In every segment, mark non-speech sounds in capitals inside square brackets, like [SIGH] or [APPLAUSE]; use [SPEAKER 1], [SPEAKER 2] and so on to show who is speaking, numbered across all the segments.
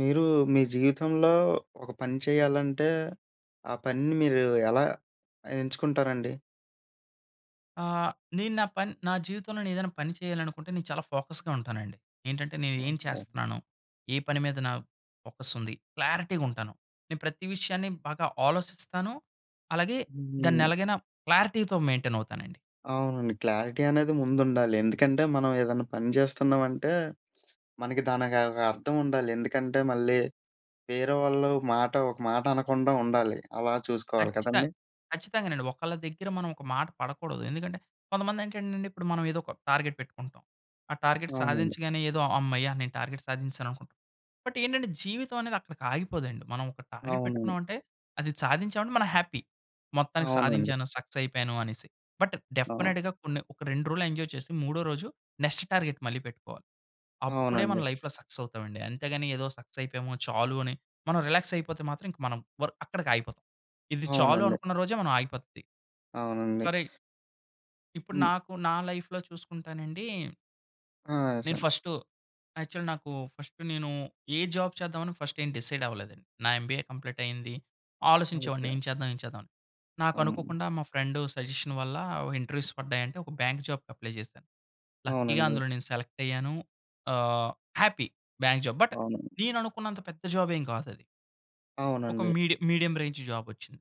[SPEAKER 1] మీరు మీ జీవితంలో ఒక పని చేయాలంటే ఆ పనిని మీరు ఎలా ఎంచుకుంటారండి?
[SPEAKER 2] ఆహ్, నేను నా పన్ నా జీవితంలో నెను ఏదైనా పని చేయాలనుకుంటే నేను చాలా ఫోకస్‌గా ఉంటానండి. ఏంటంటే నేను ఏం
[SPEAKER 1] ఓహో!
[SPEAKER 2] చేస్తున్నాను? ఏ పని మీద నా ఫోకస్ ఉంది? క్లారిటీ‌గా ఉంటాను. నేను ప్రతి విషయాన్ని బాగా ఆలోచిస్తాను. అలాగే దాన్ని
[SPEAKER 1] హ్మ్.
[SPEAKER 2] ఎలాగైనా క్లారిటీ‌తో మెయింటైన్ అవుతానండి.
[SPEAKER 1] అవునండి. క్లారిటీ అనేది ముందు ఉండాలి. ఎందుకంటే మనం ఏదైనా పని చేస్తున్నామంటే [SMACKS LIPS] మనకి దానికి ఒక అర్థం ఉండాలి. ఎందుకంటే మళ్ళీ వేరే వాళ్ళు మాట ఒక మాట అనకుండా ఉండాలి. అలా చూసుకోవాలి
[SPEAKER 2] ఖచ్చితం
[SPEAKER 1] కదండీ.
[SPEAKER 2] ఖచ్చితంగానండి. ఒకళ్ళ దగ్గర మనం ఒక మాట పడకూడదు. ఎందుకంటే కొంతమంది ఏంటంటే ఇప్పుడు మనం ఏదో ఒక టార్గెట్ పెట్టుకుంటాం. ఆ టార్గెట్
[SPEAKER 1] అవునండి.
[SPEAKER 2] సాధించగానే ఏదో "హమ్మయ్య! నేను టార్గెట్ సాధించేసాను" అనుకుంటాం. బట్ ఏంటంటే జీవితం అనేది అక్కడికి ఆగిపోదండి. మనం ఒక టార్గెట్
[SPEAKER 1] అవునండి.
[SPEAKER 2] పెట్టుకున్నామంటే అది సాధించాం అంటే మనం హ్యాపీ. "మొత్తానికి
[SPEAKER 1] అవునండి.
[SPEAKER 2] సాధించాను. సక్సెస్ అయిపోయాను" అనేసి. బట్
[SPEAKER 1] అవును.
[SPEAKER 2] డెఫినిట్‌గా కొన్ని ఒక రెండు రోజులు ఎంజాయ్ చేసి మూడో రోజు నెక్స్ట్ టార్గెట్ మళ్ళీ పెట్టుకోవాలి. అప్పుడే మన
[SPEAKER 1] అవునండి.
[SPEAKER 2] లైఫ్‌లో సక్సెస్ అవుతామండి. అంతేగాని ఏదో సక్సెస్ అయిపోయాము. చాలు అని మనం రిలాక్స్ అయిపోతే మాత్రం మనం వర్ అక్కడికి ఆగిపోతాం. ఇది చాలు
[SPEAKER 1] అవునండి.
[SPEAKER 2] అనుకున్న రోజే మనం ఆగిపోద్ది.
[SPEAKER 1] అవునండి.
[SPEAKER 2] కరి ఇప్పుడు
[SPEAKER 1] హ్మ్.
[SPEAKER 2] నాకు నా లైఫ్‌లో చూసుకుంటానండి నేను
[SPEAKER 1] ఆశ.
[SPEAKER 2] ఫస్టూ, యాక్చువల్లీ నాకు ఫస్ట్ నేను ఏ జాబ్ చేద్దాం ఫస్ట్ ఏం డిసైడ్ అవ్వలేదండి. నా ఎంబీఏ కంప్లీట్ అయింది. ఆలోచించేవాడిని
[SPEAKER 1] ఓకే.
[SPEAKER 2] ఏం చేద్దాం? ఏం చేద్దాం? అని. నాకు
[SPEAKER 1] అం
[SPEAKER 2] అనుకోకుండా మా ఫ్రెండ్ సజెషన్ వల్ల ఇంటర్వ్యూస్ పడ్డాయంటే, ఒక బ్యాంక్ జాబ్‌కి అప్లై జేసా. లక్కీగా
[SPEAKER 1] అవునండి.
[SPEAKER 2] అందులో నేను సెలెక్ట్ అయ్యాను. ఆహ్, హ్యాపీ బ్యాంక్ జాబ్. బట్
[SPEAKER 1] అవును.
[SPEAKER 2] నేను అనుకున్నంత పెద్ద జాబ్ ఏం కాదది. ఒక
[SPEAKER 1] అవునండి.
[SPEAKER 2] మీడియం, మీడియం రేంజ్ జాబొచ్చింది.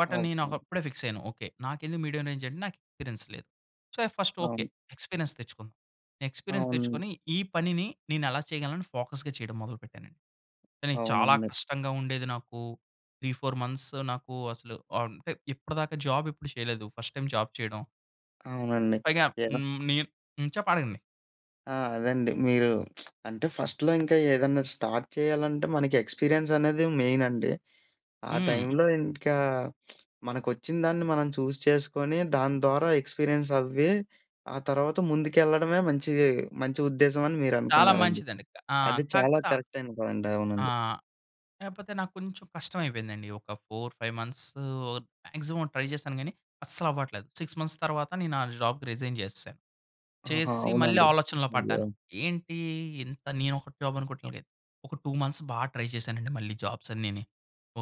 [SPEAKER 2] బట్
[SPEAKER 1] ఆ!
[SPEAKER 2] నేను
[SPEAKER 1] ఓకే.
[SPEAKER 2] ఒకప్పుడే ఫిక్స్ అయ్యాను. ఓకే, నాకెందుకు మీడియం రేంజ్? అంటే, నాకు ఎక్స్‌పీరియన్స్ లేదు. So, first okay.
[SPEAKER 1] అవును.
[SPEAKER 2] ఎక్స్‌పీరియన్స్ తెచ్చుకుందాం. ఎక్స్‌పీరియన్స్
[SPEAKER 1] అవును.
[SPEAKER 2] తెచ్చుకొని. ఈ పనిని నేను ఎలా చేయగలనని ఫోకస్‌గా చేయడం మొదలుపెట్టానండి. కానీ చాలా
[SPEAKER 1] అవునండి.
[SPEAKER 2] కష్టంగా ఉండేది నాకు. 3, 4 మంత్స్ నాకు అసలు ఆహ్, అంటే ఇప్పటిదాకా జాబ్ ఎప్పుడు చేయలేదు. ఫస్ట్ టైమ్ జాబ్ చేయడం.
[SPEAKER 1] అవునండి.
[SPEAKER 2] పైగా
[SPEAKER 1] ఏ
[SPEAKER 2] హ్మ్, నీ హ్మ్. చెప్ అడగండి.
[SPEAKER 1] ఆ! అదండి. మీరు [SMACKS LIPS] అంటే ఫస్ట్‌లో ఇంకా ఏదైనా స్టార్ట్ చేయాలంటే, మనకి ఎక్స్‌పీరియన్స్ అనేది మెయిన్ అండి. ఆ
[SPEAKER 2] హ్మ్.
[SPEAKER 1] టైంలో ఇంకా [SMACKS LIPS] మనకొచ్చిన దాన్ని మనం చూజ్ చేసుకొని. దాని ద్వారా ఎక్స్‌పీరియన్స్ అవ్వి, ఆ తర్వాత ముందుకెళ్ళడమే మంచిది, మంచి ఉద్దేశం అని మీరు
[SPEAKER 2] చాలా
[SPEAKER 1] అనుకున్నారండి.
[SPEAKER 2] మంచిదండింక. ఆ!
[SPEAKER 1] అది చాలా
[SPEAKER 2] కాకపోత
[SPEAKER 1] కరెక్టైన పాయింట్
[SPEAKER 2] ఆ!
[SPEAKER 1] అవునండి.
[SPEAKER 2] కాకపోతే నాకు కొంచెం కష్టం అయిపోయిందండి. ఒక 4, 5 మంత్స్ మాక్సిమం ట్రై జేసాను గానీ, అస్సలవ్వట్లేదు. 6 మంత్స్ తర్వాత నేను ఆ జాబ్‌కి రిజైన్ జేసేసా.
[SPEAKER 1] ఆహా!
[SPEAKER 2] చేసేసి మళ్ళీ
[SPEAKER 1] అవునండి.
[SPEAKER 2] ఆలోచనలో
[SPEAKER 1] అయ్యో!
[SPEAKER 2] పడ్డాను. ఏంటి? ఇంత నేను ఒక జాబ్ అనుకోవట్లేదు. ఒక 2 మంత్స్ బాగా ట్రై చేసానండి, మళ్ళీ జాబ్స్ అన్నీని.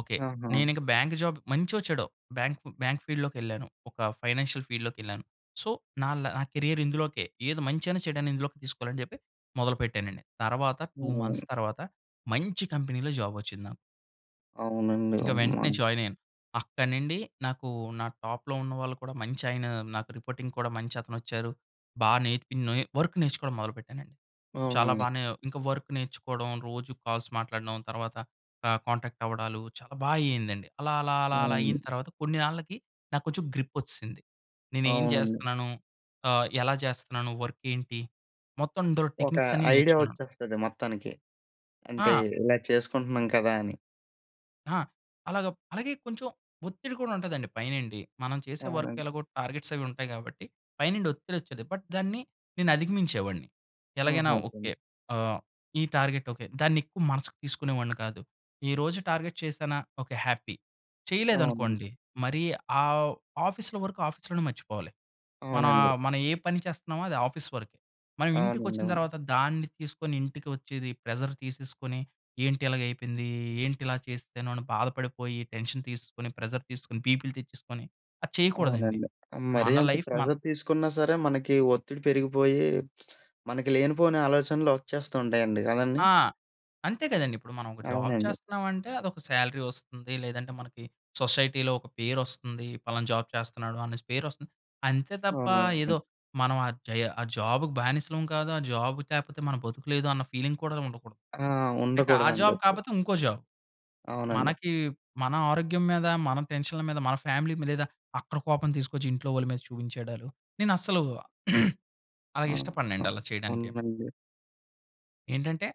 [SPEAKER 2] ఓకే.
[SPEAKER 1] ఆహా!
[SPEAKER 2] నేనింక బ్యాంక్ జాబ్ మంచో చెడో బ్యాంక్, బ్యాంక్ ఫీల్డ్‌లోకెళ్ళాను. ఒక ఫైనాన్షియల్ ఫీల్డ్‌లోకెళ్ళాను. సో, న ల నా కేరియర్ ఇందులోకే, ఏది మంచైనా చెడైనా ఇందులోకి తీసుకోవాలని చెప్పి మొదలుపెట్టానండి. తరువాత 2 మంత్స్
[SPEAKER 1] హ్మ్.
[SPEAKER 2] తర్వాత మంచి కంపెనీ‌లో జాబ్ వచ్చింది నాకు.
[SPEAKER 1] అవునండి.
[SPEAKER 2] ఇంక వెంటనే
[SPEAKER 1] అమ్మ!
[SPEAKER 2] జాయిన్ అయ్యాను. అక్కడి నుండి నాకు నా టాప్‌లో ఉన్నవాళ్లు కూడా మంచి ఆయన నాకు రిపోర్టింగ్ కూడా మంచి అతనొచ్చారు. బాగా నేర్పినొయి వర్క్ నేర్చుకోవడం మొదలుపెట్టానండి. చాలా
[SPEAKER 1] అవునండి.
[SPEAKER 2] బానే, ఇంకా వర్క్ నేర్చుకోవడం. రోజు కాల్స్ మాట్లాడడం. తర్వాత ఆహ్, కాంటాక్ట్ అవ్వడాలు. చాలా బాగా అయిందండి. అలా, అలా, అలా, అలా
[SPEAKER 1] అవును.
[SPEAKER 2] అయిన తర్వాత కొన్ని నాళ్ళకి నాకు కొంచెం గ్రిప్ వచ్చిసింది. నేను ఏం
[SPEAKER 1] అవునండి.
[SPEAKER 2] జేస్తున్నాను. ఆహ్, ఎలా జేస్తున్నాను? వర్క్ ఏంటి, మొత్తం అందులో
[SPEAKER 1] ఒక
[SPEAKER 2] టెక్‌నిక్స్ అన్నీ
[SPEAKER 1] ఐడియా
[SPEAKER 2] నేర్చుకున్నాను.
[SPEAKER 1] వచ్చేస్తది మొత్తానికి. అంటే
[SPEAKER 2] ఆ!
[SPEAKER 1] ఇలా చేసుకుంటున్నాం కదా! అని.
[SPEAKER 2] ఆ! అలాగా అలాగే కొంచెం ఒత్తిడి కూడా ఉంటదండి పైనుండి. మనం చేసే వర్క్
[SPEAKER 1] అవునండి.
[SPEAKER 2] ఎలాగో టార్గెట్స్ అవి ఉంటాయి కాబట్టి. పైనుండి ఒత్తిడి వచ్చేది. బట్ దాన్ని నేను అధిగమించేవాడిని. ఎలాగైనా
[SPEAKER 1] ఆహాహా!
[SPEAKER 2] ఓకే. ఆహ్, ఈ టార్గెట్ ఓకే. దాన్ని ఎక్కువ మనసుకు తీసుకునేవాడిని కాదు. ఈరోజు టార్గెట్ చేసానా. Okay happy.
[SPEAKER 1] అవునండి.
[SPEAKER 2] చేయలేదనుకోండి. మరీ ఆహ్, ఆఫీస్‌లో వర్క్ ఆఫీస్‌లోనే మర్చిపోవాలి. మనా
[SPEAKER 1] అవునండి.
[SPEAKER 2] ఆహ్, మన ఏ పని చేస్తున్నామో అది ఆఫీస్ వరికే. మనం
[SPEAKER 1] అవునండి.
[SPEAKER 2] ఇంటికొచ్చిన
[SPEAKER 1] అవును.
[SPEAKER 2] తరువాత, దాన్ని తీసుకొని ఇంటికి వచ్చేది. ప్రెజర్ తీసేసుకొని. ఏంటి ఇలాగగైపోయింది. ఏంటి ఇలా చేస్తేనో అని బాధపడిపోయి. టెన్షన్ తీసేసుకొని, ప్రెజర్ తీసుకొని, బీపీ‌లు తెచ్చేసుకొని. అది చేయకూడదు అండి.
[SPEAKER 1] అవునండి. మరీ
[SPEAKER 2] మన
[SPEAKER 1] అంత
[SPEAKER 2] లైఫ్ మన్
[SPEAKER 1] ప్రెజర్ తీసుకున్నా సరే! మనకి ఒత్తిడి పెరిగిపోయి. మనకి లేనిపోని ఆలోచనలు వచ్చేస్తు ఉంటాయండి. కదండి!
[SPEAKER 2] ఆ! అంతే కదండి! ఇప్పుడు మనం ఒక జాబ్
[SPEAKER 1] అవునండి.
[SPEAKER 2] చేస్తున్నామంటే, అదొక సాలరీ వస్తుంది. లేదంటే మనకి సొసైటీ‌లో ఒక పేరు వస్తుంది. పలానా జాబ్ చేస్తున్నాడు అనేసి పేరు వస్తుంది. అంతే తప్ప
[SPEAKER 1] అవునవును.
[SPEAKER 2] ఏదో మనం ఆ జయ ఆ జాబ్‌కి బానిసలం కాదు. ఆ జాబ్ లేకపోతే మన బతుకులేదు అన్న ఫీలింగ్ కూడా ఉండకూడదు.
[SPEAKER 1] ఆ!
[SPEAKER 2] ఇక ఆ
[SPEAKER 1] ఉండకూడదు అని
[SPEAKER 2] జాబ్
[SPEAKER 1] జేప్పి.
[SPEAKER 2] కాపోతే ఇంకో జాబ్.
[SPEAKER 1] అవునండి.
[SPEAKER 2] మనకీ మన ఆరోగ్యం మీద, మన టెన్షన్‌ల మీద, మన ఫ్యామిలీ మీద లేదా అక్కడ కోపం తీసుకొచ్చి, ఇంట్లో వాళ్ళ మీద చూపించేయడాలు. నేను అస్సలు [CLEARS THROAT] అలాగ
[SPEAKER 1] ఆ! ఆ!
[SPEAKER 2] ఇష్టపడనండి అలా చేయడానికి.
[SPEAKER 1] అవునండి.
[SPEAKER 2] ఏంటంటే,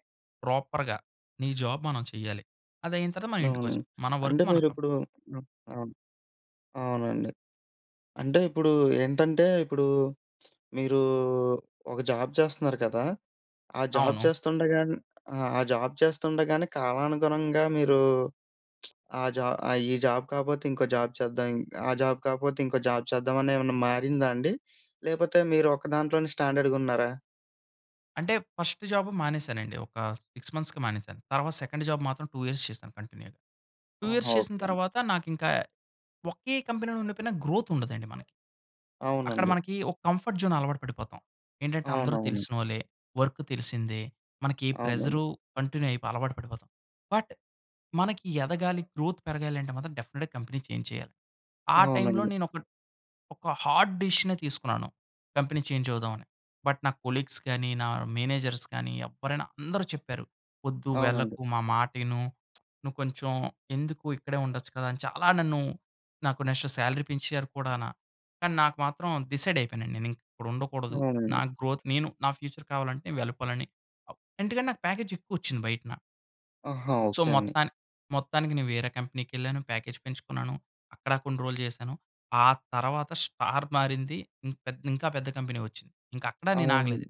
[SPEAKER 2] ప్రాపర్‌గా నీ జాబ్ మనం చెయ్యాలి. అది అయిన తరువాత మన ఇంటికి
[SPEAKER 1] అవునండి.
[SPEAKER 2] వచ్చాం. మన వర్క్
[SPEAKER 1] అంటే,
[SPEAKER 2] మనకం
[SPEAKER 1] మీరిప్పుడు అవును. అవునండి. అంటే ఇప్పుడు ఏంటంటే, ఇప్పుడూ [SMACKS LIPS] మీరూ ఒక జాబ్ చేస్తున్నారు కదా! ఆ జాబ్
[SPEAKER 2] అవును.
[SPEAKER 1] చేస్తుండగానే ఆ! ఆ జాబ్ చేస్తుండగానే కాలానుగుణంగా మీరూ [SMACKS LIPS] ఆ జా ఈ జాబ్ కాకపోతే, ఇంకో జాబ్ చేద్దాం. ఆ జాబ్ కాకపోతే, ఇంకో జాబ్ చేద్దాం. ఆని ఏమన్నా మారిందా అండి! [SNIFFS] లేకపోతే మీరు ఒక దాంట్లోనే స్టాండర్డ‌గున్నారా?
[SPEAKER 2] అంటే, ఫస్ట్ జాబు మానేశానండి. ఒక 6 మంత్స్‌కి మానేసాను. తర్వాత సెకండ్ జాబ్ మాత్రం 2 ఇయర్స్ చేశాను కంటిన్యూగా. 2 ఇయర్స్
[SPEAKER 1] ఆహా!
[SPEAKER 2] చేసిన
[SPEAKER 1] ఓకె అండి.
[SPEAKER 2] తరువాత, నాకింక ఒకే కంపెనీలో ఉండిపోయినా గ్రోత్ ఉండదండి మనకి. అక్కడ
[SPEAKER 1] అవునండి.
[SPEAKER 2] మనకి ఒక కంఫర్ట్ జోన్ అలవాటు పడిపోతాం. ఏంటంటే, అందరు
[SPEAKER 1] అవునవును.
[SPEAKER 2] తెలిసినోళ్లే, వర్క్ తెలిసిందే, మనకి
[SPEAKER 1] అవునవును.
[SPEAKER 2] ప్రెసరు కంటిన్యూ అయిపో అలవాటు పడిపోతాం. బట్, మనకి ఎదగాలి గ్రోత్ పెరగాలి అంటే మాత్రం, డెఫినిట్‌గా కంపెనీ చేంజ్ చేయాలి. ఆ టైమ్‌లో
[SPEAKER 1] అవునండి.
[SPEAKER 2] నేను ఒక, ఒక హార్డ్ డెసిషనే తీసుకున్నాను, కంపెనీ చేంజ్ అవుదామని. బట్, నా కొలీగ్స్‌ గాని, నా మేనేజర్స్ గానీ, ఎవ్వరైనా అందరూ చెప్పారు, "వొద్దు
[SPEAKER 1] అవునండి.
[SPEAKER 2] వెళ్ళకు మా మాట ఇను [SMACKS LIPS] నువ్వు కొంచెం ఎందుకు ఇక్కడే ఉండొచ్చు కదా!" అని చాలా నన్ను నాకు నెక్స్ట్ సాలరీ పెంచారు కూడాన కానీ, నాకు మాత్రం డిసైడ్ అయిపోయాను నేను ఇక్కడ ఉండకూడదు. నా
[SPEAKER 1] అవునండి.
[SPEAKER 2] గ్రోత్, నేను నా ఫ్యూచర్ కావాలంటే, వెళ్ళిపోవాలని అప్ ఎందుకంటే నాకు ప్యాకేజ్ ఎక్కువొచ్చింది బయటన.
[SPEAKER 1] ఆహా!
[SPEAKER 2] సో,
[SPEAKER 1] ఓకే అండి.
[SPEAKER 2] మొత్తాని మొత్తానికి నేను వేరే కంపెనీకెళ్ళాను, ప్యాకేజ్ పెంచుకున్నాను. అక్కడ కొన్ని రోజులు చేశాను. ఆ తరువాత స్టార్ మారింది. ఇన్ ఇంకా పెద్ద కంపెనీ వచ్చింది. ఇంక అక్కడా నేను
[SPEAKER 1] అవున్
[SPEAKER 2] ఆగలేదు.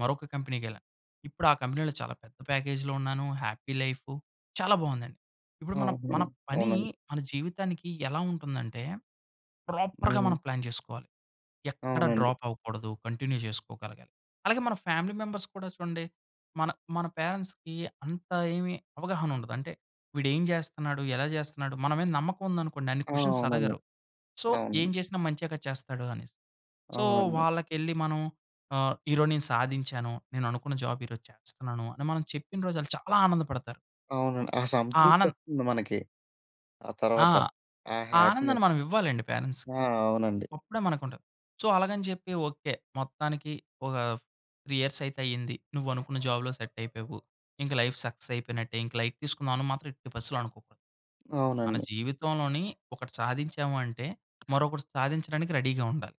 [SPEAKER 2] మరొక కంపెనీకెళ్ళా. ఇప్పుడు ఆ కంపెనీలో చాలా పెద్ద ప్యాకేజ్‌‌లో ఉన్నాను, హ్యాపీ లైఫు చాలా బావుందండి. ఇప్పుడు
[SPEAKER 1] ఆ!
[SPEAKER 2] మనం మన
[SPEAKER 1] అవను.
[SPEAKER 2] పని
[SPEAKER 1] అవునండి.
[SPEAKER 2] మన జీవితానికి ఎలా ఉంటుందంటే, ప్రాపర్‌గా
[SPEAKER 1] హ్మ్.
[SPEAKER 2] మనం ప్లాన్ చేసుకోవాలి. ఎక్కడ
[SPEAKER 1] అవునండి.
[SPEAKER 2] డ్రాప్ అవ్వకూడదు. కంటిన్యూ జేసుకోగలగాలి. అలాగే మన ఫ్యామిలీ మెంబర్స్ కూడా చూడండి. మన, మన పేరెంట్స్‌కి అంత ఏమి అవగాహన ఉండదు. అంటే, "వీడేం జేస్తున్నాడు. ఎలా జేస్తున్నాడు." మన మీద నమ్మకం ఉందనుకోండి అన్ని
[SPEAKER 1] ఆ!
[SPEAKER 2] క్వెశ్చన్స్
[SPEAKER 1] అవునండి.
[SPEAKER 2] అడగరు. సో,
[SPEAKER 1] అవును.
[SPEAKER 2] ఏం జేసినా మంచేగా చేస్తాడు అనేసి. సో,
[SPEAKER 1] అవునండి.
[SPEAKER 2] వాళ్ళకెళ్లి మనం ఆహ్, "ఈరోజు నేను సాధించాను. నేను అనుకున్న జాబ్ ఈరోజు చేస్తున్నాను" అని మనం చెప్పిన రోజు ఆళ్ళు చాలా ఆనందపడతారు.
[SPEAKER 1] అవునండి. ఆ
[SPEAKER 2] ఆ
[SPEAKER 1] సంతృప్తి
[SPEAKER 2] ఆనంద్
[SPEAKER 1] వస్తుంది మనకి. ఆ
[SPEAKER 2] ఆ!
[SPEAKER 1] తర్వాత, ఆ
[SPEAKER 2] ఆ
[SPEAKER 1] హ్యాపీనెస్.
[SPEAKER 2] ఆనందాన్ని మనం ఇవ్వాలండి పేరెంట్స్‌కి.
[SPEAKER 1] ఆహ్! అవునండి.
[SPEAKER 2] అప్పుడే మనకుంటాది. సో, అలాగని జెప్పి ఓకే. మొత్తానికి ఒక 3 ఇయర్స్ అయితే అయింది. నువ్వు అనుకున్న జాబ్‌లో సెట్ అయిపోయావు. ఇంకా లైఫ్ సక్సెస్ అయిపోయినట్టే, ఇంకా లైట్ తీసుకుందాం అని మాత్రం ఎట్టి పరిస్తితిలో అనుకోకు. మన
[SPEAKER 1] అవునండి.
[SPEAKER 2] జీవితంలోని ఒకటి సాధించాము అంటే, మరొకటి సాధించడానికి రెడీగా ఉండాలి.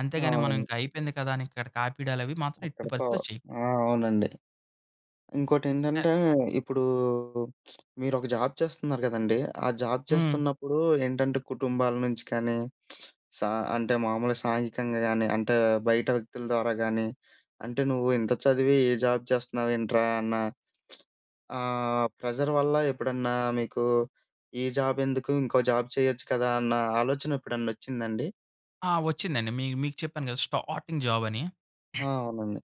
[SPEAKER 2] అంతేగాని మనం
[SPEAKER 1] అవును.
[SPEAKER 2] ఇంక అయిపోయింది కదా! అని ఇక్కడకి ఆపీడాలు అవి మాత్రం ఎట్టి
[SPEAKER 1] అక్కడితో
[SPEAKER 2] పరిస్థితిలో చేయకుడదు.
[SPEAKER 1] ఆ! అవునండి. ఇంకోటి ఏంటంటే, ఇప్పుడు [SMACKS LIPS] మీరొక జాబ్ చేస్తున్నారు గదండీ. ఆ జాబ్
[SPEAKER 2] హ్మ్
[SPEAKER 1] చేస్తున్నప్పుడు ఏంటంటే, కుటుంబాల నుంచి కానీ [SMACKS LIPS] స అంటే మామూలుగా సాహిత్యంగా గానీ అంటే, బయట వ్యక్తుల ద్వారా గానీ అంటే, "నువ్వు ఇంత చదివి ఈ జాబ్ చేస్తున్నావు ఏంట్రా?" అన్న [SMACKS LIPS] ఆహ్, ప్రెజర్ వల్ల ఎప్పుడన్నా మీకు ఈ జాబ్ ఎందుకు ఇంకో జాబ్ చేయొచ్చు కదా! అన్న ఆలోచన ఎప్పుడన్నా వచ్చిందా అండి?
[SPEAKER 2] ఆ! వచ్చిందండి. మీ మీకు చెప్పాను కదా! స్టార్టింగ్ జాబ్ అని.
[SPEAKER 1] ఆ! అవునండి.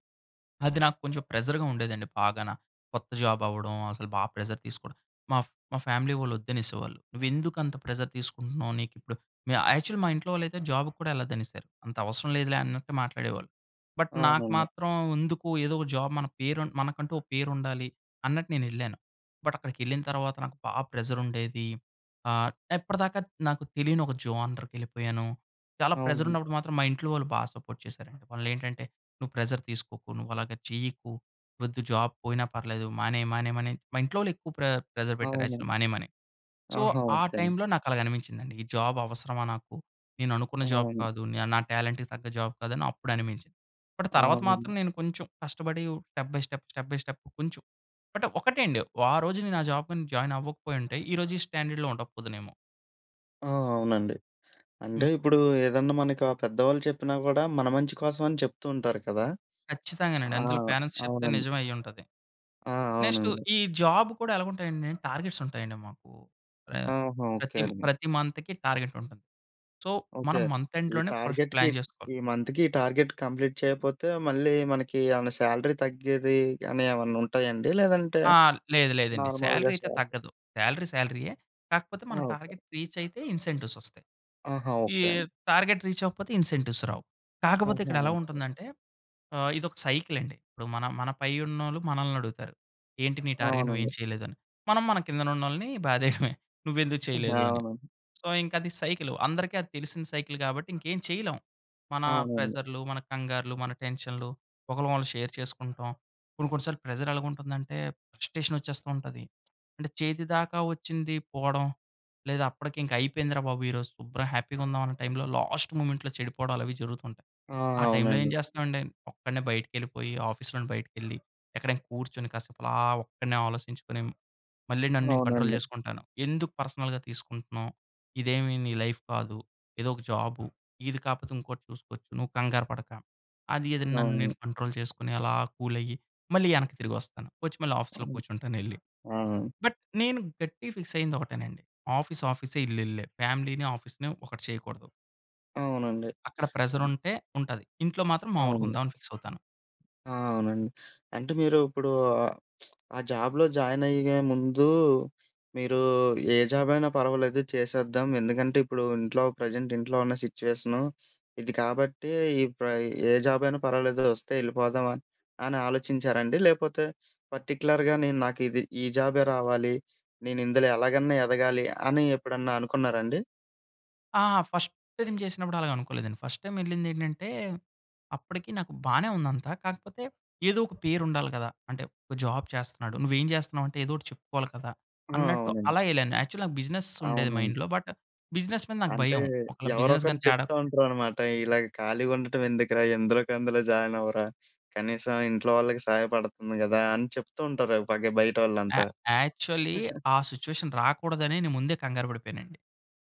[SPEAKER 2] అది నాకు కొంచెం ప్రెసర్‌గా ఉండేదండి బాగాన. కొత్త జాబ్ అవ్వడం! అసలు బాగా ప్రెసర్ తీసుకోవడం. మా, మా ఫ్యామిలీ వోళ్ళు వద్దు అనేసేవాళ్ళు, "నువ్వు ఎందుకు అంత ప్రెసర్ తీసుకుంటున్నావ్! నీకు ఇప్పుడు" మ్యా-యాక్చువల్‌ల్లి మా ఇంట్లో వోళ్ళు అయితే, జాబ్‌కి కూడా ఎళ్ళదు అనేసారు. అంత అవసరం లేదులే అన్నట్టు మాట్లాడేవాళ్ళు. బట్, నాకు
[SPEAKER 1] అవునండి.
[SPEAKER 2] మాత్రం ఎందుకు, ఏదో ఒక జాబ్ మన పేరు మనకంటూ ఒక పేరు ఉండాలి, అన్నట్టు నేను ఎళ్ళాను. బట్, అక్కడికెళ్ళిన తరువాత నాకు బా ప్రెసర్ ఉండేది. ఆహ్, ఇప్పటిదాకా నాకు తెలియని ఒక జోనర్‌కెళ్ళిపోయాను. చాలా ప్రెసర్
[SPEAKER 1] అవును.
[SPEAKER 2] ఉన్నప్పుడు మాత్రం, మా ఇంట్లో వాళ్ళు బా సపోర్ట్ చేసారండి. వాళ్ళు ఏంటంటే, నువ్వు ప్రెషర్ తీసుకోకు. నువ్వు అలాగా చెయ్యకు. వద్దు జాబ్ పోయినా పర్లేదు, మానేయి, మానేయి, మానేయమని మా ఇంట్లో వోళ్ళు ఎక్కువ ప్రె ప్రెసర్ పెట్టారు, యాక్చువల్‌గా
[SPEAKER 1] అవును.
[SPEAKER 2] మానేయమని. సో,
[SPEAKER 1] ఆహా!
[SPEAKER 2] ఆ
[SPEAKER 1] ఓకె అండి.
[SPEAKER 2] టైమ్‌లో నాకు అలాగా అనిపించిందండి. ఈ జాబ్ అవసరమా నాకు. నేను అనుకున్న జాబ్
[SPEAKER 1] అవును.
[SPEAKER 2] కాదు, నా టాలెంట్‌కి తగ్గ జాబ్ కాదు, అని అప్పుడు అనిపించింది. బట్,
[SPEAKER 1] ఆ!
[SPEAKER 2] తరువాత
[SPEAKER 1] అవును.
[SPEAKER 2] మాత్రం నేను కొంచెం కష్టపడి step by step, step by step కొంచెం. బట్, ఒకటే అండి, ఆ రోజు నేను ఆ జాబ్‌కి జాయిన్ అవ్వకపోయింటే, ఈరోజు ఈ స్టాండర్డ్‌లో ఉండకపోదునేమో!
[SPEAKER 1] ఆ! అవునండి. అంటే
[SPEAKER 2] హ్మ్.
[SPEAKER 1] ఇప్పుడు ఏదన్నా మనకి ఆ పెద్దవాళ్ళు చెప్పినా కూడా, మన మంచి కోసం అని చెప్తుంటారు కదా!
[SPEAKER 2] ఖచ్చితంగానండి.
[SPEAKER 1] ఆ!
[SPEAKER 2] అందులో పేరెంట్స్ చెప్తే
[SPEAKER 1] అవునండి.
[SPEAKER 2] నిజం అయి ఉంటది.
[SPEAKER 1] ఆ!
[SPEAKER 2] నెక్స్ట్
[SPEAKER 1] అవునండి.
[SPEAKER 2] ఈ జాబ్ కూడా ఎలాగు ఉంటాయండి! టార్గెట్స్ ఉంటాయండి మాకు. ఆహ్,
[SPEAKER 1] ఆహా! ఓకే
[SPEAKER 2] ప్రతి,
[SPEAKER 1] అండి.
[SPEAKER 2] ప్రతి మంత్‌కి టార్గెట్ ఉంటుంది. So,
[SPEAKER 1] okay.
[SPEAKER 2] మనం మంత్
[SPEAKER 1] ఈ
[SPEAKER 2] ఎండ్‌లోనే ఫస్ట్
[SPEAKER 1] టార్గెట్‌కి
[SPEAKER 2] ప్లాన్ చేసుకోవాలి.
[SPEAKER 1] ఈ మంత్‌కి ఈ టార్గెట్ కంప్లీట్ చేయకపోతే, మళ్ళీ మనకి ఏమైనా సాలరీ తగ్గేది అని, ఏమన్నా ఉంటాయండి? లేదంటే
[SPEAKER 2] ఆ! లేదు. లేదండి. సాలరీ
[SPEAKER 1] నార్మల్‌గా
[SPEAKER 2] అయితే
[SPEAKER 1] సాలరీ
[SPEAKER 2] తగ్గదు. సాలరీ సాలరీయే. కాకపోతే
[SPEAKER 1] ఆ!
[SPEAKER 2] మన
[SPEAKER 1] ఓకె.
[SPEAKER 2] టార్గెట్ రీచ్ అయితే ఇన్సెంటివ్స్ వస్తాయి.
[SPEAKER 1] ఆహా!
[SPEAKER 2] ఈ
[SPEAKER 1] ఓకే అండి.
[SPEAKER 2] టార్గెట్ రీచ్ అవ్వకపోతే ఇన్సెంటివ్స్ రావు. కాకపోతే
[SPEAKER 1] ఆహా!
[SPEAKER 2] ఇక్కడ ఎలా
[SPEAKER 1] ఓకే.
[SPEAKER 2] ఉంటుందంటే ఆహ్, ఇదొక సైకిల్ అండి. ఇప్పుడు మన, మన పై ఉన్నోళ్ళు మనల్ని అడుగుతారు, "ఏంటి నీ టార్గెట్ నువ్వు
[SPEAKER 1] అవునండి.
[SPEAKER 2] ఏమి చేయలేదు" అని. మనం మన కింద ఉన్నోళ్ళని బాధేయడమే. నువ్వెందుకు
[SPEAKER 1] [CHUCKLES]
[SPEAKER 2] చేయలేదు అని.
[SPEAKER 1] అవును.
[SPEAKER 2] సో, ఇంక అది సైకిలు, అందరికి అది తెలిసిన సైకిల్ కాబట్టి, ఇంకేం చేయలేం. మన
[SPEAKER 1] అవునండి.
[SPEAKER 2] ప్రెసర్‌లు, మన కంగారులు, మన టెన్షన్‌లు, ఒకలకొకళ్ళం షేర్ చేసుకుంటాం. కొన్ని, కొన్ని సార్లు ప్రెసర్ ఎలాగుంటుందంటే, ఫ్రస్ట్రేషన్ వచ్చేస్తుంటది. అంటే, చేతి దాకా వోచ్చింది పోవడం. లేదా అప్పటికి ఇంకా అయిపోయిందిరా బాబు ఈరోజు శుభ్రంగా హ్యాపీ‌గా ఉందాం అనే టైమ్‌లో, లాస్ట్ మొమెంట్‌లో చెడిపోవడాలు అవి జరుగుతుంటాయి.
[SPEAKER 1] ఆ!
[SPEAKER 2] ఆ టైమ్‌లో ఏం
[SPEAKER 1] అవునండి.
[SPEAKER 2] చేస్తామండి, ఒక్కడినే బయటికెళ్ళిపోయి, ఆఫీస్‌లో బయటికి కెళ్లి, ఎక్కడైనా కూర్చొని, కాసేపు అలా ఒక్కడినే ఆలోచించుకొని, మళ్ళీ నన్ను నేను కంట్రోల్
[SPEAKER 1] అవునండి.
[SPEAKER 2] చేసుకుంటాను. ఎందుకు పర్సనల్‌గా తీసుకుంటున్నావు. ఇదేమి నీ లైఫ్ కాదు. ఇదో ఒక జాబు, ఇది కాకపోతే ఇంకోటి చూసుకోవచ్చు. నువ్వు కంగారు పడక! అది, అది నన్ను
[SPEAKER 1] అవును.
[SPEAKER 2] నేను కంట్రోల్ చేసుకొని, అలా కూల్ అయ్యి, మళ్ళి ఎనక్కి తిరిగి వస్తాను. వచ్చి మళ్ళి ఆఫీస్‌లో
[SPEAKER 1] అవును.
[SPEAKER 2] కూర్చుంటాను ఎళ్లి.
[SPEAKER 1] ఆ!
[SPEAKER 2] బట్ నేను గట్టిగా ఫిక్స్ అయ్యింది ఒకటేనండి! ఆఫీస్, ఆఫీసే! ఇల్లు ఇల్లే! ఫ్యామిలీని, ఆఫీస్‌ని ఒకటి చేయకూడదు.
[SPEAKER 1] అవునండి.
[SPEAKER 2] అక్కడ ప్రెజరుంటే ఉంటది. ఇంట్లో మాత్రం మాములుగా
[SPEAKER 1] అవును.
[SPEAKER 2] ఉందాం, అని ఫిక్స్ అవుతాను.
[SPEAKER 1] ఆ! అవునండి. అంటే మీరు ఇప్పుడూ, [SMACKS LIPS] ఆ జాబ్‌లో జాయిన్ అయ్యే ముందూ, మీరూ ఏ జాబ్ అయినా పర్వాలేదు చేసేద్దాం. ఎందుకంటే, ఇప్పుడు ఇంట్లో ప్రెజెంట్ ఇంట్లో ఉన్న సిట్యుయేషను ఇది కాబట్టీ, ఈ ప్ర ఏ జాబ్ అయినా పర్వాలేదు వస్తే ఎళ్ళిపోదాం అని. అని ఆలోచించారండి లేకపోతే, పర్టిక్యులర్‌గా నేను నాకు ఇది, ఈ జాబే రావాలి. నేను ఇందులో ఎలాగన్నా ఎదగాలి అని ఎప్పుడన్నా అనుకున్నారండి?
[SPEAKER 2] ఆ! ఫస్ట్ టైమ్ చేసినప్పుడు అలాగనుకోలేదండి. ఫస్ట్ టైమ్ ఎళ్ళింది ఏంటంటే, అప్పటికి నాకు బానే ఉంది అంతా. కాకపోతే, ఏదో ఒక పేరు ఉండాలి కదా. అంటే ఒక జాబ్ చేస్తున్నాడు. నువ్వు ఏం జేస్తున్నావంటే, ఏదో ఒకటి చెప్పుకోవాలి కదా.
[SPEAKER 1] ఆ!
[SPEAKER 2] అన్నట్టు
[SPEAKER 1] అవునండి.
[SPEAKER 2] అలా యేళ్ళాను. యాక్చువల్లీ నాకు బిజినెస్ ఉండేది
[SPEAKER 1] అవునండి.
[SPEAKER 2] మైండ్‌లో. బట్, బిజినెస్ మీద నాకు
[SPEAKER 1] అంటే,
[SPEAKER 2] భయం. ఒకళ్ళ
[SPEAKER 1] ఎవరో
[SPEAKER 2] బిజినెస్
[SPEAKER 1] ఒకళ్ళు
[SPEAKER 2] గాని తేడా
[SPEAKER 1] చెప్తూ ఉంటారనమాట. ఇలాగ ఖాళీగుండటం ఎందుకురా ఎందులోకందులో జాయిన్ అవ్వరా. కనీసం ఇంట్లో వాళ్ళకి సహాయపడుతుంది గదా, అని చెప్తూ ఉంటారు ఓ పగ
[SPEAKER 2] య
[SPEAKER 1] బయటోళ్ళంతా.
[SPEAKER 2] యాక్చువలీ
[SPEAKER 1] [GIGGLES]
[SPEAKER 2] ఆ సిట్యుయేషన్ రాకూడదనే. నేను ముందే కంగారు బడిపోయానండి.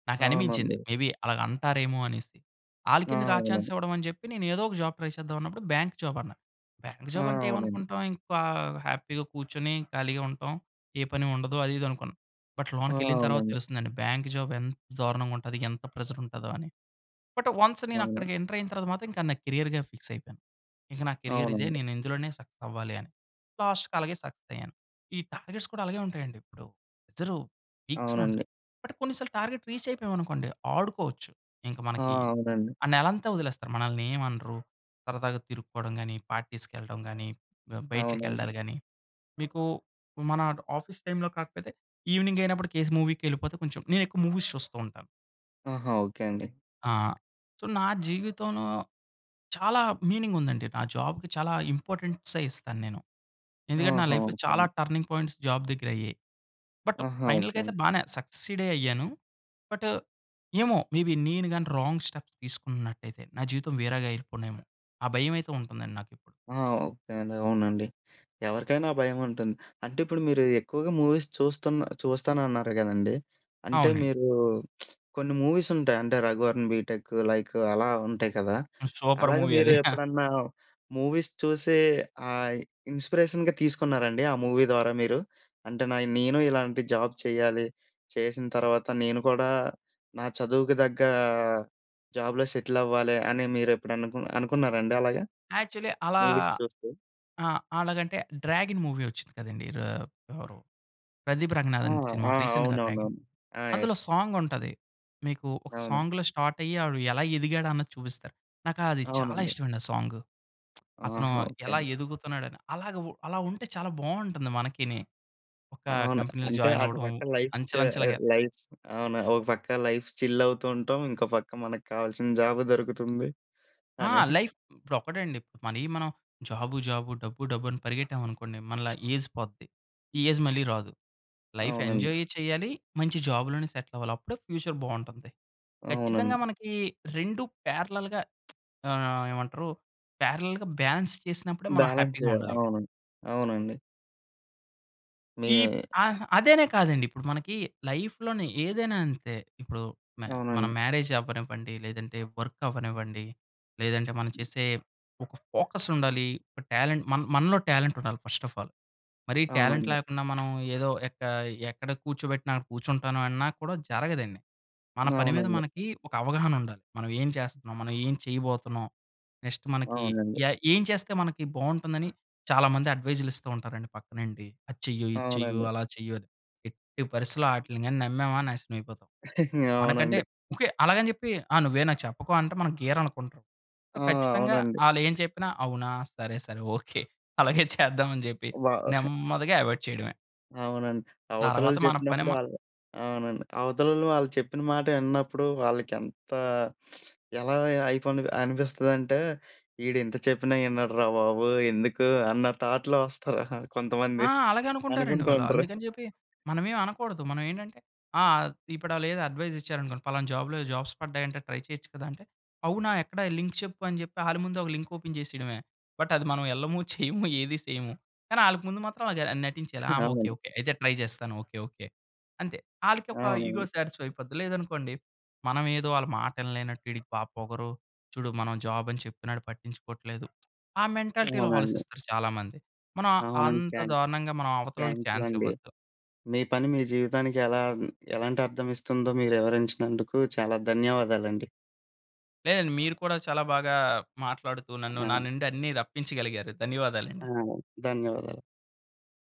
[SPEAKER 2] నాకనిపించింది
[SPEAKER 1] అవునండి.
[SPEAKER 2] మేబి అలాగంటారేమో అనేసి.
[SPEAKER 1] ఆ!
[SPEAKER 2] ఆళ్ళకెందుకు ఆ చాన్స్
[SPEAKER 1] అవునండి.
[SPEAKER 2] ఇవ్వడం అని జెప్పి. నేను ఏదో ఒక జాబ్ ట్రై చేద్దాం అన్నప్పుడు. బ్యాంక్ జాబ్ అన్నా. బ్యాంక్
[SPEAKER 1] ఆ!
[SPEAKER 2] జాబ్ అంటే,
[SPEAKER 1] అవునండి.
[SPEAKER 2] ఏమనుకుంటాం ఇంకా హ్యాపీగా కూర్చొని, ఖాళీగా ఉంటాం, ఏ పని ఉండదు, అది, ఇది అనుకున్నాం. బట్,
[SPEAKER 1] ఆ!
[SPEAKER 2] లోనకెళ్ళిన తరువాత
[SPEAKER 1] అవునండి.
[SPEAKER 2] తెలుస్తుందండి. బ్యాంక్ జాబ్ ఎంత దారుణంగా ఉంటది. ఎంత ప్రెజర్ ఉంటదో అని. బట్, వన్స్ నేను
[SPEAKER 1] అవును.
[SPEAKER 2] అక్కడికి ఎంటర్ అయిన తర్వాత మాత్రం. ఇంకా నా క్యారియర్‌గా ఫిక్స్ అయిపోయాను. ఇంక నా కేరియర్ ఇదే.
[SPEAKER 1] అవునండి.
[SPEAKER 2] నేను ఇందులోనే సక్సెస్ అవ్వాలి అని. లాస్ట్‌కి అలాగే సక్సెస్ అయ్యాను. ఈ టార్గెట్స్ కూడా అలాగే ఉంటాయండి ఇప్పుడు. ప్రెజరు పీక్స్‌లో ఉంటది.
[SPEAKER 1] అవునండి.
[SPEAKER 2] బట్, కొన్ని సార్లు టార్గెట్ రీచ్ అయిపోయాం అనుకోండి, ఆడుకోవచ్చు. ఇంకా
[SPEAKER 1] ఆ!
[SPEAKER 2] మనకి
[SPEAKER 1] అవునండి.
[SPEAKER 2] ఆ నెలంతా వదిలేస్తారు. మనల్ని ఏం అనరు. సరదాగా తిరుక్కోవడం గాని, పార్టీస్‌కెళ్ళడం గానీ, బ
[SPEAKER 1] అవునండి.
[SPEAKER 2] బయట్లకెళ్డాలు గానీ. మీకూ మన ఆఫీస్ టైమ్‌లో కాకపోతే, ఈవెనింగైనప్పుడు కేస్ మూవీ‌కెళ్ళిపోతే కొంచెం నేను ఎక్కువ మూవీస్ చూస్తూ ఉంటాను.
[SPEAKER 1] ఆహా! ఓకే అండి.
[SPEAKER 2] ఆ! సో, నా జీవితంలో చాలా మీనింగ్ ఉందండి. నా జాబ్‌కి చాలా ఇంపార్టెన్సే ఇస్తాను నేను. ఎందుకంటే, నా
[SPEAKER 1] ఆహా!
[SPEAKER 2] లైఫ్‌లో
[SPEAKER 1] ఓకే
[SPEAKER 2] చాలా
[SPEAKER 1] అండి.
[SPEAKER 2] టర్నింగ్ పాయింట్స్ జాబ్ దగ్గరయ్యాయి. బట్
[SPEAKER 1] ఆహా! ఓకే
[SPEAKER 2] ఫైనల్‌గా అయితే
[SPEAKER 1] అండి.
[SPEAKER 2] బానే సక్సీడే అయ్యాను. బట్ ఏమో, మేబి నేను గాని రాంగ్ స్టెప్స్ తీసుకున్నట్టైతే. నా జీవితం వేరేగా అయిపోనేమో. ఆ భయం అయితే ఉంటుందండి నాకిప్పుడు.
[SPEAKER 1] ఆహా! ఓకే అండి. అవునండి. ఎవరికైనా ఆ భయం ఉంటుంది. అంటే ఇప్పుడు మీరు ఎక్కువగా మూవీస్ చూస్తున్నా చూస్తానన్నారు గదండి. అంటే
[SPEAKER 2] అవునండి.
[SPEAKER 1] మీరూ, [SMACKS LIPS] కొన్ని మూవీస్ ఉంటాయి. అంటే 'రఘువరన్ బీటెక్' లైక్ అలా ఉంటాయి కదా!
[SPEAKER 2] సూపర్
[SPEAKER 1] అలాగ
[SPEAKER 2] మూవీ
[SPEAKER 1] మీరు
[SPEAKER 2] అది. [CHUCKLES]
[SPEAKER 1] ఎప్పుడన్నా మూవీస్ చూసే ఆయ్, ఇన్‌‌స్పీరేషన్‌గా తీసుకున్నారండి? ఆ మూవీ ద్వారా మీరు? అంటే నా య్ నేను ఇలాంటి జాబ్ చేయాలి. చేసిన తర్వాత నేను కూడా నా చదువుకి తగ్గా, జాబ్‌లో సెటిల్ అవ్వాలి అని. మీరు ఎప్పుడు అనుకు అనుకున్నారండి అలాగా
[SPEAKER 2] యాక్చువల్లీ అలా
[SPEAKER 1] మూవీస్ చూస్తూ?
[SPEAKER 2] ఆ! అలాగంటే 'డ్రాగన్' మూవీ వచ్చింది కదండి. రా ఎవరు ప్రదీప్
[SPEAKER 1] ఆ!
[SPEAKER 2] రంగనాథన్ సినిమా
[SPEAKER 1] ఆ!
[SPEAKER 2] రీసెంట్‌గా
[SPEAKER 1] అవునవునవును.
[SPEAKER 2] 'డ్రాగన్.'
[SPEAKER 1] ఆ! ఎస్.
[SPEAKER 2] అందులో సాంగ్ ఉంటది. మీకు ఒక
[SPEAKER 1] అవును.
[SPEAKER 2] సాంగ్‌లో స్టార్ట్ అయ్యి. ఆడు ఎలా ఎదిగాడు అన్నది చూపిస్తారు. నాకు అది చాలా
[SPEAKER 1] అవునండి.
[SPEAKER 2] ఇష్టం అండి. ఆ సాంగు. [SMACKS LIPS] అతను
[SPEAKER 1] ఆహా! ఓకే
[SPEAKER 2] ఎలా
[SPEAKER 1] అండి.
[SPEAKER 2] ఎదుగుతున్నాడు అని. అలాగా ఉ అలా ఉంటే చాలా బావుంటుంది మనకి‌ని. ఒక
[SPEAKER 1] అవును.
[SPEAKER 2] కంపెనీలో
[SPEAKER 1] అంటే
[SPEAKER 2] జాయిన్
[SPEAKER 1] అటు
[SPEAKER 2] అవ్వడం.
[SPEAKER 1] పక్క లైఫ్ చ్
[SPEAKER 2] అంచెలంచెలుగ
[SPEAKER 1] ఆహ్, లైఫ్ అవును. ఒక పక్క లైఫ్ చిల్ అవుతూ ఉంటాం. ఇంకో పక్క మనకు కావాల్సిన జాబ్ దొరుకుతుంది
[SPEAKER 2] ఆ!
[SPEAKER 1] అని. [CHUCKLES]
[SPEAKER 2] లైఫ్ ఇప్పుడు ఒకటండి. మనయి మనం జాబు జాబు, డబ్బు డబ్బు అని పరిగెట్టాం అనుకోండి. మనలా ఏజ్ పోద్ది. ఈ ఏజ్ మళ్ళీ రాదు. లైఫ్
[SPEAKER 1] అవునండి.
[SPEAKER 2] ఎంజాయ్ చేయాలి. మంచి జాబ్‌లోనే సెట్‌లవ్వాలి. అప్పుడే ఫ్యూచర్ బావుంటుంది. ఖచ్చితంగా
[SPEAKER 1] అవునండి.
[SPEAKER 2] మనకి 2 పారలెల్‌గా [SMACKS LIPS] ఆహ్, ఏమంటారు పారలెల్‌గా బ్యాలెన్స్ చేసినప్పుడే మనం
[SPEAKER 1] బ్యాలెన్స్
[SPEAKER 2] హ్యాపీగా
[SPEAKER 1] చేయాలి.
[SPEAKER 2] ఉండగలం.
[SPEAKER 1] అవునండి. అవునండి.
[SPEAKER 2] ఇప్
[SPEAKER 1] మీ
[SPEAKER 2] అహ్, అదేనే కాదండి. ఇప్పుడు మనకి లైఫ్‌లోనే ఏదైనా అంతే. ఇప్పుడు మ మనం
[SPEAKER 1] అవునండి.
[SPEAKER 2] మ్యారేజ్ అవ్వనివ్వండి. లేదంటే, వర్క్ అవ్వనివ్వండి. లేదంటే, మనం చేసే ఒక ఫోకస్ ఉండాలి. ఒక టాలెంట్, మన్ మనలో టాలెంట్ ఉండాలి ఫస్ట్ ఆఫ్ ఆల్. మరి టాలెంట్
[SPEAKER 1] అవునండి.
[SPEAKER 2] లేకుండా మనం ఏదో ఎక్క ఎక్కడ కూర్చోబెట్టిన కూర్చుంటాను అన్నా కూడా జరగదండి. మన పని మీద
[SPEAKER 1] అవునండి.
[SPEAKER 2] మనకి ఒక అవగాహన ఉండాలి. మనం ఏం చేస్తన్నాం, మనం ఏం చేయబోతున్నాం. నెక్స్ట్ మనకి
[SPEAKER 1] అవునండి.
[SPEAKER 2] ఏ ఏం చేస్తే మనకి బాగుంటుందని చాలా మంది అడ్వైస్‌లు ఇస్తూ ఉంటారండి పక్కనుండి. "అది చెయ్యు! ఇది చెయ్యు!
[SPEAKER 1] అవునండి.
[SPEAKER 2] అలా చెయ్యు!" అని ఎట్టి పరిసి‌లో వాటిలిని నమ్మామా నాశనం అయిపోతాం.
[SPEAKER 1] [CHUCKLES]
[SPEAKER 2] మనకంటే
[SPEAKER 1] అవునండి.
[SPEAKER 2] ఓకే. అలాగని చెప్పి ఆ నువ్వే నాకు చెప్పకో అంటే మనం గీర అనుకుంటాం. సో,
[SPEAKER 1] ఆ!
[SPEAKER 2] ఖచ్చితంగా!
[SPEAKER 1] అవునండి.
[SPEAKER 2] వాళ్ళు ఏం చెప్పినా అవునా! సరే, సరే. ఓకే. [CHUCKLES] అలాగే చేద్దాం అని చెప్పి
[SPEAKER 1] బా [CHUCKLES]
[SPEAKER 2] నెమ్మదిగా అవాయిడ్ చేయడమే.
[SPEAKER 1] అవునండి.
[SPEAKER 2] తర్వాత
[SPEAKER 1] అవతలోళ్ళు
[SPEAKER 2] మన పని
[SPEAKER 1] చెప్పినప్పుడు
[SPEAKER 2] మ
[SPEAKER 1] వాళ్ళు అవునండి. అవతలోళ్ళు ఆళ్లు చెప్పిన మాట విన్నప్పుడు వాళ్ళకి ఎంత [SMACKS LIPS] ఎలా అయిపోని అనిపిస్తుందంటే "వీడు ఇంత చెప్పినా వినడురా బాబోయయ్! ఎందుకు" అన్న థాట్‌లో వస్తారు! [CHUCKLES] కొంతమంది.
[SPEAKER 2] ఆ! అలాగే అనుకుంటారండి
[SPEAKER 1] అనుకుంటూ
[SPEAKER 2] వాళ్ళు.
[SPEAKER 1] ఉంటరు.
[SPEAKER 2] అందుకని చెప్పి, మనం ఏమి అనకూడదు. మనం ఏంటంటే ఆ! ఇప్పుడు వాళ్ళు ఏదో అడ్వైస్ ఇచ్చారనుకోండి. ఫలానా జాబ్‌లో జాబ్స్ పడ్డాయంటే ట్రై చేయొచ్చు కదా! అంటే "అవునా! ఎక్కడ లింక్ చెప్పు" అని చెప్పి వాళ్ళ ముందు ఒక లింక్ ఓపెన్ చేసేయడమే. బట్, అది మనం వెళ్ళము [CHUCKLES] చేయము ఏది సేయము. కానీ వాళ్ళకి ముందు మాత్రం అది ఆహ్, నటించేయాలి ఆ!
[SPEAKER 1] [CHUCKLES]
[SPEAKER 2] "ఓకే,
[SPEAKER 1] అవునండి.
[SPEAKER 2] ఓకే. అయితే ట్రై చేస్తాను. ఓకే. ఓకే." అంతే. వాళ్ళకి
[SPEAKER 1] ఆ!
[SPEAKER 2] ఒక ఇగో
[SPEAKER 1] అవునండి.
[SPEAKER 2] సాటిస్ఫై అయిపోద్ది. లేదనుకోండి మనమేదో వాళ్ళ మాట వినలేనట్టు "వీడికి బాగా పొగరు, చూడు మనం జాబ్ అని చెప్పినాడు పట్టించుకోవట్లేదు." ఆ మెంటాలిటీ‌లో
[SPEAKER 1] అవునండి.
[SPEAKER 2] ఆలోచిస్తారు చాలా మంది. మనం
[SPEAKER 1] అవునండి.
[SPEAKER 2] అంత
[SPEAKER 1] థ్యాంక్
[SPEAKER 2] దారుణంగా మనం అవతల వాళ్ళకి
[SPEAKER 1] థ్యాంక్ యూ
[SPEAKER 2] చాన్స్
[SPEAKER 1] అండి.
[SPEAKER 2] ఇవ్వొద్దు.
[SPEAKER 1] మీ పని మీ జీవితానికి ఎలా ఎలాంటి అర్థం ఇస్తుందో మీరు వివరించినందుకు చాలా ధన్యవాదాలండి.
[SPEAKER 2] లేదండి. మీరు కూడా చాలా బాగా మాట్లాడుతూ, నన్ను నా
[SPEAKER 1] ఆ!
[SPEAKER 2] నుండి అన్ని రప్పించగలిగారు.
[SPEAKER 1] ఆ!
[SPEAKER 2] ధన్యవాదాలండి.
[SPEAKER 1] ధన్యవాదాలు.